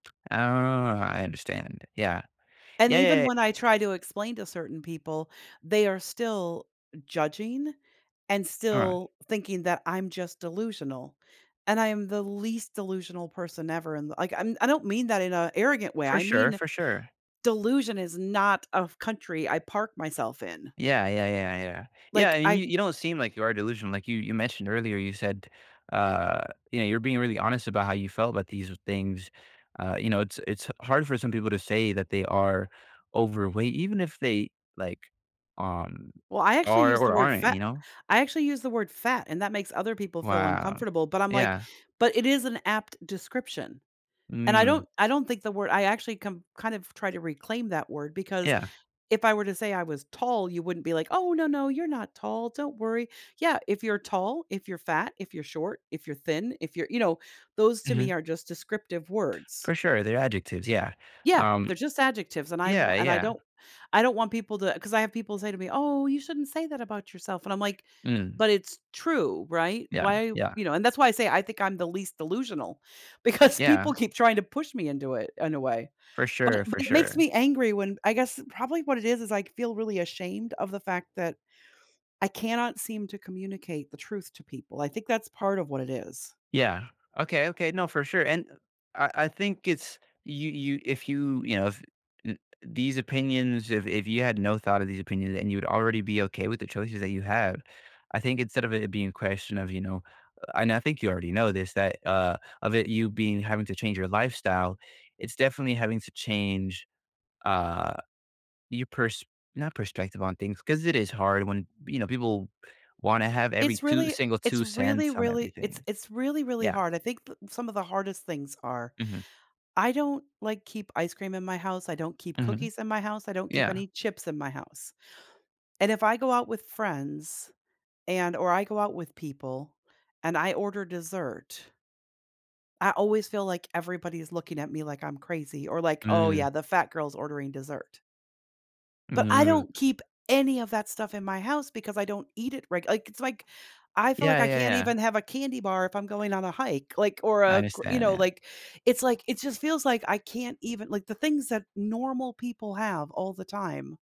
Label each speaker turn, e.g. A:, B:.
A: Oh, I understand. Yeah.
B: And
A: Yeah, yeah,
B: even
A: ye
B: when I try to explain to certain people, they are still judging and
A: Alright.
B: still thinking that I'm just delusional, and I am the least delusional person ever in the like, I'm I don't mean that in a arrogant way.
A: For
B: I
A: sure,
B: mean,
A: for sure.
B: delusion is not a f country I park myself in.
A: Yeah. Yeah, yeah, yeah. Yeah,
B: Like,
A: and you
B: I
A: you don't seem like you are delusional, like, you you mentioned earlier, you said, uh, you know, you're being really honest about how you felt about these things. Uh, you know, it's it's hard for some people to say that they are overweight even if they, like, um,
B: Well, I actually
A: are
B: use the
A: or
B: word
A: aren't,
B: fa
A: you know?
B: I actually use the word fat, and that makes other people feel
A: Wow.
B: uncomfortable, but I'm, like
A: Yeah.
B: but it is an apt description, and I
A: Mm.
B: don't I don't think the word I actually come kind of try to reclaim that word because
A: Yeah.
B: if I were to say I was tall, you wouldn't be like, "Oh, no, no. You're not tall. Don't worry." Yeah, if you're tall, if you're fat, if you're short, if you're thin, if you're you know, those to
A: Mhm.
B: me are just descriptive words.
A: For sure, they're adjectives, yeah.
B: Yeah.
A: Um
B: They're just adjectives, and I wa
A: Yeah,
B: and I
A: yeah.
B: don't I don't want people to 'cause I have people say to me, "Oh, you shouldn't say that about yourself," and I'm like,
A: Mm.
B: "But it's true, right?"
A: Yeah,
B: Why
A: yeah.
B: you know, and that's why I say I think I'm the least delusional, because
A: Yeah.
B: people keep trying to push me into it, in a way,
A: For
B: but it
A: sure,
B: but
A: for
B: it makes
A: sure.
B: me angry when I guess, probably what it is is I c feel really ashamed of the fact that I cannot seem to communicate the truth to people. I think that's part of what it is.
A: Yeah. Okay, okay. No, for sure, and, eh I I think it's you you if you you know, f n these opinions, if if you had no thought of these opinions and you'd already be okay with the choices that you have, I think instead of it being a question of, you know a and I think you already know this, that, uh, of it you being having to change your lifestyle, it's definitely having to change, uh, your pers not perspective on things, 'cause it is hard when, you know, people wanna have every
B: It's
A: 2
B: really
A: single
B: it's
A: two
B: really,
A: cents on
B: really it's
A: everything.
B: it's really, really
A: Yeah.
B: hard. I think p some of the hardest things are.
A: Mhm.
B: I don't, like, keep ice cream in my house, I don't keep
A: Mhm.
B: cookies in my house, I don't keep
A: Yeah
B: any chips in my house, and if I go out with friends, and or I go out with people and I order dessert I always feel like everybody's looking at me, like, I'm crazy or like, "Oh,
A: Mm.
B: yeah. The fat girl's ordering dessert." But I
A: Mm.
B: don't keep any of that stuff in my house because I don't eat it, right, like, it's like, I feel like
A: Yeah,
B: I
A: yeah,
B: can't
A: yeah.
B: even have a candy bar if I'm going on a hike, like, or
A: I
B: a gr you
A: understand
B: know,
A: that.
B: like, it's like it just feels like I can't even like, the things that normal people have all the time.